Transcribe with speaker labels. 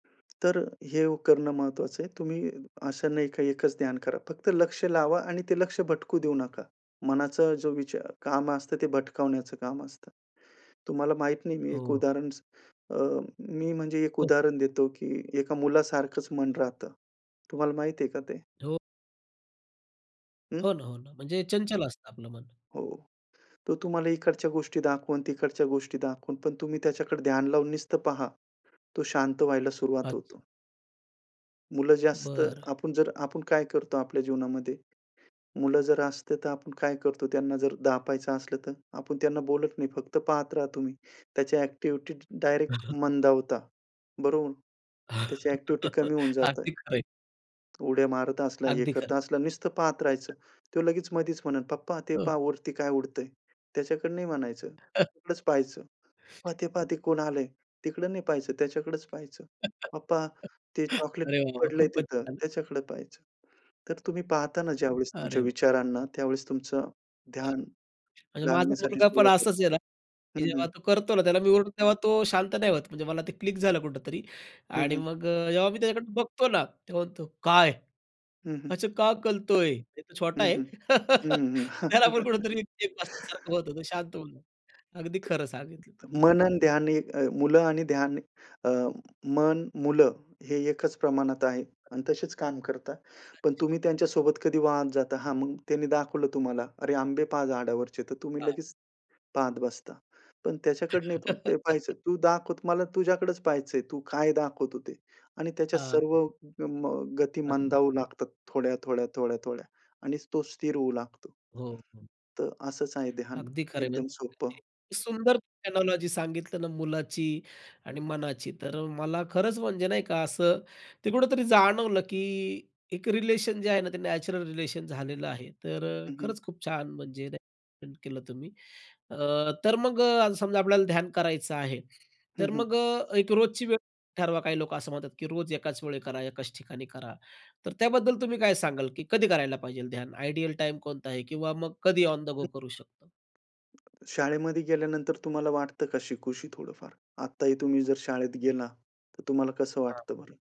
Speaker 1: तर अ, हे ओ करणं महत्वाचं आहे. तुम्ही असं नाही का, एकच ध्यान करा फक्त लक्ष लावा आणि ते लक्ष भटकू देऊ नका. मनाचा जो विचार काम
Speaker 2: अच्छा.
Speaker 1: असतं ते भटकावण्याचं काम असतं. तुम्हाला माहित नाही मी एक
Speaker 2: हो.
Speaker 1: उदाहरण स अ, मी म्हणजे एक
Speaker 2: हो.
Speaker 1: उदाहरण देतो की एका मुलासारखंच मन राहतं. तुम्हाला माहित आहे का ते?
Speaker 2: हो.
Speaker 1: अं?
Speaker 2: हो ना. हो ना. म्हणजे चंचल असतं आपलं मन.
Speaker 1: हो. तो तुम्हाला इकडच्या गोष्टी दाखवणं, तिकडच्या गोष्टी दाखवणं पण तुम्ही त्याच्याकडे ध्यान लावून नुसतं पहा. तो शांत व्हायला सुरुवात
Speaker 2: अच्छा.
Speaker 1: होतो. मुलं जास्त
Speaker 2: बरं.
Speaker 1: आपण जर आपण काय करतो आपल्या जीवनामध्ये? मुलं जर असते तर आपण काय करतो, त्यांना जर दाबायचं असलं तर आपण त्यांना बोलत नाही. फक्त पाहत राहा तुम्ही त्याची ॲक्टिव्हिटी डायरेक्ट मंदावता. बरोबर? त्याची ॲक्टिव्हिटी कमी होऊन
Speaker 2: अगदी
Speaker 1: जातंय.
Speaker 2: खरं आहे.
Speaker 1: उड्या मारत असला, हे
Speaker 2: अगदी खरं.
Speaker 1: करता असला, नुसतं पाहत राहायचं. तो लगेच मधीच म्हणेल, "पप्पा ते
Speaker 2: हं.
Speaker 1: पहा वरती काय उडतंय?" त्याच्याकडे नाही म्हणायचं. तिकडंच पहायचं. "पप्पा ते पहा ते कोण आलंय?" तिकडं नाही पहायचं, त्याच्याकडेच पाहायचं. "पप्पा ते चॉकलेट
Speaker 2: अरे वाह वाह!
Speaker 1: पडलंय
Speaker 2: खूपच
Speaker 1: तिथं"
Speaker 2: छान.
Speaker 1: त्याच्याकडे पाहायचं. तर तुम्ही पाहताना ज्यावेळेस
Speaker 2: अरे
Speaker 1: तुमच्या
Speaker 2: ब
Speaker 1: विचारांना त्यावेळेस तुमचं
Speaker 2: हां.
Speaker 1: ध्यान
Speaker 2: म्हणजे माझा
Speaker 1: लागण्यासाठी
Speaker 2: मुलगा पण
Speaker 1: सुरुवात
Speaker 2: असाच आहे
Speaker 1: होते.
Speaker 2: ना. की
Speaker 1: हं,
Speaker 2: जेव्हा
Speaker 1: हं.
Speaker 2: तो करतो ना त्याला मी ओरडतो तेव्हा तो शांत नाही होत म्हणजे मला ते क्लिक झालं कुठेतरी.
Speaker 1: हं,
Speaker 2: आणि
Speaker 1: हं.
Speaker 2: मग अ, जेव्हा मी त्याच्याकडून बघतो ना तो म्हणतो, "काय?
Speaker 1: हं, हं.
Speaker 2: असं का कलतोय?" ते तर
Speaker 1: हं,
Speaker 2: छोटा आहे.
Speaker 1: हं. हं, हं.
Speaker 2: त्यालापण कुठेतरी एक सारख बघत बसतो तर शांत होऊन जातो. अगदी खरं सांगितलं तुम्ही.
Speaker 1: मन अन ध्यान ए मुलं आणि ध्यान अ, मन, मुलं हे एकच प्रमाणात आहे आणि तसेच काम करतात. पण
Speaker 2: अच्छा.
Speaker 1: तुम्ही त्यांच्यासोबत कधी वाहत जाता. हां. मग त्यांनी दाखवलं तुम्हाला, "अरे, आंबे पहा झाडावरचे" तर तुम्ही
Speaker 2: आहां.
Speaker 1: लगेच पाहत बसता. पण त्याच्याकडं नाही ते पाहायचं. "तू दाखवत मला तुझ्याकडेच पहायचंय. तू काय दाखवतो ते" आणि त्याच्या
Speaker 2: हां.
Speaker 1: सर्व ग म गती
Speaker 2: [unintelligible]
Speaker 1: मंदावू लागतात थोड्या, थोड्या, थोड्या, थोड्या आणि तो स्थिर होऊ लागतो.
Speaker 2: हो, हो.
Speaker 1: तर असंच आहे ध्यान.
Speaker 2: अगदी खरं आहे म्हणजे
Speaker 1: एकदम सोपं.
Speaker 2: तुम्ही सुंदर [unintelligible] लॉजी सांगितलं ना मुलाची आणि मनाची तर अ, मला खरंच म्हणजे नाही का असं ते कुठेतरी जाणवलं की एक रिलेशन जे आहे ना ते नॅचरल रिलेशन झालेलं आहे. तर अ,
Speaker 1: हं, हं.
Speaker 2: खरंच खूप छान म्हणजे नाही का एक्सप्लेन म्हणजे केलं तुम्ही. अ, तर मग समजा आपल्याला ध्यान करायचं आहे.
Speaker 1: हं,
Speaker 2: तर
Speaker 1: हं.
Speaker 2: मग अ, एक रोजची वेळ ठरवा काही लोक असं म्हणतात की रोज एकाच वेळी करा एकाच ठिकाणी करा. तर त्याबद्दल तुम्ही काय सांगाल की कधी करायला पाहिजे ध्यान? आयडियल टाईम कोणता आहे? किंवा मग कधी ऑन द गो करू शकतो?
Speaker 1: हं. शाळेमध्ये गेल्यानंतर तुम्हाला वाटतं का शिकूशी थोडंफार? आत्ताही तुम्ही जर शाळेत गेला तर तुम्हाला कसं
Speaker 2: हां.
Speaker 1: वाटतं बरं?